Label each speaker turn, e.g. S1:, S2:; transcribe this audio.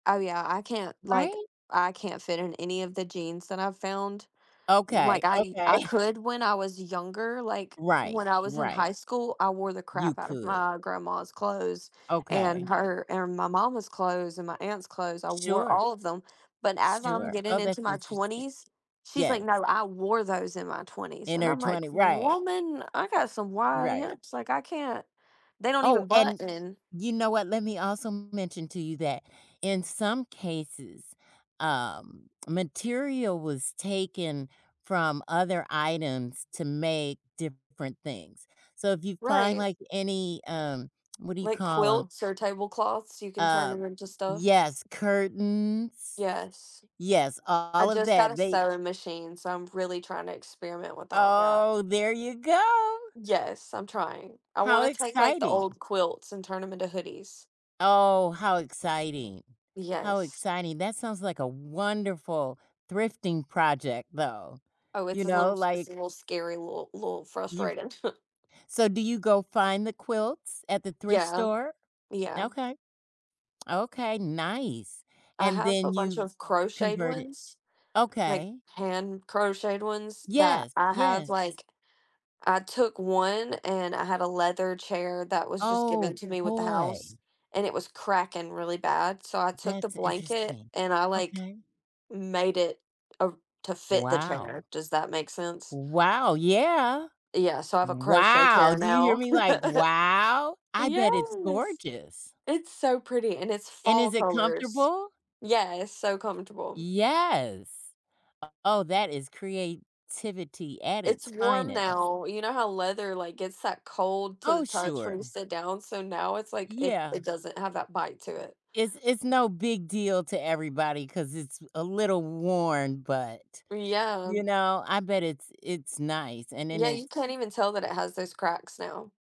S1: Oh yeah, I can't, like,
S2: Right?
S1: I can't fit in any of the jeans that I've found. Like
S2: Okay,
S1: I
S2: okay.
S1: I could when I was younger, like
S2: Right,
S1: when I was in
S2: right.
S1: high school, I wore the
S2: You
S1: crap out of
S2: could.
S1: my grandma's clothes and
S2: Okay.
S1: her and my mama's clothes and my aunt's clothes. I wore
S2: Sure.
S1: all of them. But as I'm
S2: Sure,
S1: getting
S2: oh, that's
S1: into my
S2: interesting.
S1: 20s, she's like,
S2: Yes.
S1: "No, I wore those in my 20s."
S2: In
S1: And
S2: her
S1: I'm like,
S2: twentie right.
S1: "Woman, I got some wide
S2: Right.
S1: hips. Like I can't they don't
S2: Oh,
S1: even
S2: and
S1: button."
S2: you know what, let me also mention to you that in some cases, um, material was taken from other items to make different things. So if you find
S1: Right.
S2: like any, um, what do you
S1: Like
S2: call 'em?
S1: quilts or tablecloths, you can turn
S2: Uh,
S1: 'em into stuff.
S2: yes, curtains,
S1: Yes.
S2: yes,
S1: I
S2: all of
S1: just got
S2: that,
S1: a
S2: they
S1: sewing machine, so I'm really trying to experiment with all of that.
S2: Oh, there you go!
S1: Yes, I'm trying. I
S2: How
S1: wanna take like the
S2: exciting.
S1: old quilts and turn 'em into hoodies.
S2: Oh, how exciting, how
S1: Yes.
S2: exciting. That sounds like a wonderful thrifting project though,
S1: Oh, it's
S2: you
S1: a little
S2: know,
S1: s it's a
S2: like
S1: little scary, little, little
S2: You've
S1: frustrating.
S2: So do you go find the quilts at the thrift
S1: Yeah,
S2: store?
S1: yeah.
S2: Okay. Okay, nice,
S1: I
S2: and
S1: have a
S2: then
S1: bunch
S2: you
S1: of crocheted
S2: convert it?
S1: ones, like
S2: Okay.
S1: hand-crocheted ones that
S2: Yes.
S1: I have
S2: Yes.
S1: like I took one and I had a leather chair that was just given
S2: Oh,
S1: to me with the house,
S2: boy.
S1: and it was cracking really bad. So I took the
S2: That's
S1: blanket
S2: interesting,
S1: and I like
S2: okay.
S1: made it, uh, to fit the chair.
S2: Wow.
S1: Does that make sense?
S2: Wow, yeah!
S1: Yeah, so I have a crochet
S2: Wow!
S1: chair
S2: Do you hear
S1: now.
S2: me? Like, wow, I bet it's
S1: Yes.
S2: gorgeous.
S1: it's so pretty and it's
S2: And
S1: fall
S2: is it
S1: colors.
S2: comfortable?
S1: Yeah, it's so comfortable.
S2: Yes. Oh, that is creativity at
S1: It's
S2: its
S1: warm
S2: finest.
S1: now. You know how leather, like, gets that cold to the
S2: Oh,
S1: touch when
S2: sure.
S1: you sit down? So now it's like it
S2: Yeah.
S1: it doesn't have that bite to it.
S2: It's it's no big deal to everybody 'cause it's a little worn, but,
S1: Yeah.
S2: you know, I bet it's it's nice, and then
S1: Yeah, you
S2: it's
S1: can't even tell that it has those cracks now.